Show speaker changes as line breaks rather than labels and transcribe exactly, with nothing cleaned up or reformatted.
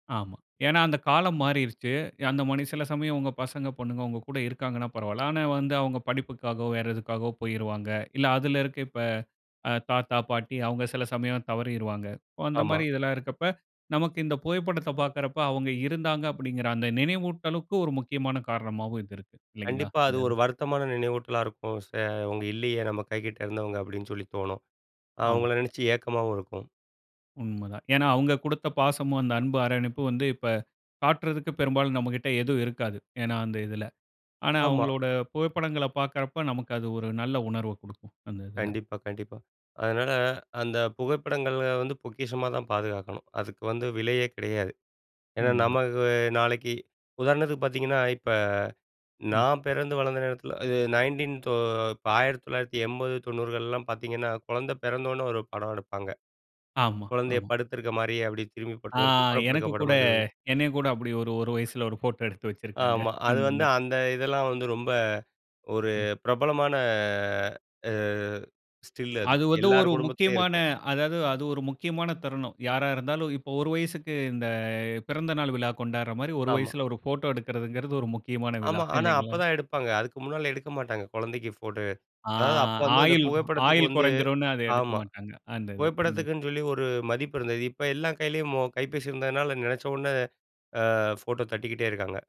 ஆமா. ஏன்னா அந்த காலம் மாறிருச்சு. அந்த மாரி சில சமயம் உங்க பசங்க பொண்ணுங்க, உங்க கூட இருக்காங்கன்னா பரவால்ல. ஆனா, வந்து அவங்க படிப்புக்காவோ வேறு எதுக்காவோ போயிருவாங்க. இல்ல அதில இருக்க இப்போ தாத்தா, பாட்டி அவங்க சில சமயம் தவறிருவாங்க. அந்த
ஆமா.
மாரி இதெல்லாம் இருக்கிறப்ப நமக்கு இந்த புகைப்படத்த பாக்கிறப்ப அவங்க இருந்தாங்க அப்டிங்கிற அந்த நினவூட்டலுக்கு ஒரு முக்கியமான காரணமாவும் இது இருக்குது இல்லங்களா?
கண்டிப்பா அது
இந்த இது.
ஒரு வருத்தமான நினவூட்டலா இருக்கும். ச அவங்க இல்லயே நம்ம கைக்கிட்ட இருந்தவங்க அப்டின்னு சொல்லி தோணும். அவங்கள
ஆமா.
நினச்சு ஏக்கமாவும் இருக்கும்.
உண்மதான். ஏன்னா அவங்க கொடுத்த பாசமும் அந்த அன்பு அணைப்பும் வந்து இப்போ காட்டுறதுக்கு பெரும்பாலும் நம்ம கிட்ட எதுவும் இருக்காது. ஏன்னா அந்த இதில. ஆனா
ஆமா.
அவங்களோட புகைப்படங்கள பார்க்கும்போது நமக்கு அது ஒரு நல்ல உணர்வ கொடுக்கும் அந்த இதில.
கண்டிப்பா, கண்டிப்பா. அதுனால அந்த புகைப்படங்கள வந்து பொக்கிஷமா தான் பாதுகாக்கணும், அதுக்கு வந்து விலயே கிடையாது. ஏன்னா
உண்மதான்.
நமக்கு நாளைக்கு உதாரணத்துக்கு பாத்தீங்கன்னா, இப்ப
ம்.
நான் பிறந்து வளர்ந்த நேரத்துல இது நயன்டின் ஆயிரத்தி தொள்ளாயிரத்தி எண்பது, தொண்ணூறுகள்லாம் பாத்தீங்கன்னா, கொழந்த பிறந்த உடனே ஒரு படம் எடுப்பாங்க.
ஆமா,
கொழந்தய
ஆமா.
படுத்துக்க மாரி, அப்டி திரும்பி
ஆ
குப்புற
எனக்கு கூட
படுக்கப்படுமா
என்னய கூட அப்டி ஒரு ஒரு வயசுல ஒரு போட்டோ எடுத்து வச்சிருக்காங்க
ஆமா, அது
அந்த
வந்து
மாரி.
அந்த இதெல்லாம் வந்து ரொம்ப ஒரு
ம்.
பிரபலமான ஆ ஸ்டில் அது.
அது வந்து ஒரு
எல்லார் குடும்பத்திலேயும்
முக்கியமான
இருக்கும்.
அதாது அது ஒரு முக்கியமான தருணம். யாரா இருந்தாலும் இப்போ ஒரு வயசுக்கு இந்த பிறந்த நாள் விழா கொண்டாடுற மாரி ஒரு
ஆமா.
வயசுல ஒரு போட்டோ எடுக்கறதுங்கிறது ஒரு முக்கியமான விழா
ஆமா. ஆனா,
இல்லைங்களா?
அப்பதான் எடுப்பாங்க. அதுக்கு முன்னால எடுக்க மாட்டாங்க. குழந்தைக்கு ஃபோட்டோ.
ஆ.
அதாது அப்போ வந்து அந்த
ஆயிள்,
புகைப்படத்துக்கு
ஆயுள்
வந்து
குறைந்துரும்னு அத எடுக்க
ஆமா,
மாட்டாங்க அந்த இது. ம்.
புகைப்படத்துக்குன்னு சொல்லி ஒரு மதிப்பு இருந்தது இப்போ எல்லா கையிலேயும் மொ கைப்பேசி இருந்ததுனால நனச்ச உடனே அ ஃபோட்டோ தட்டிக்கிட்டே இருக்காங்க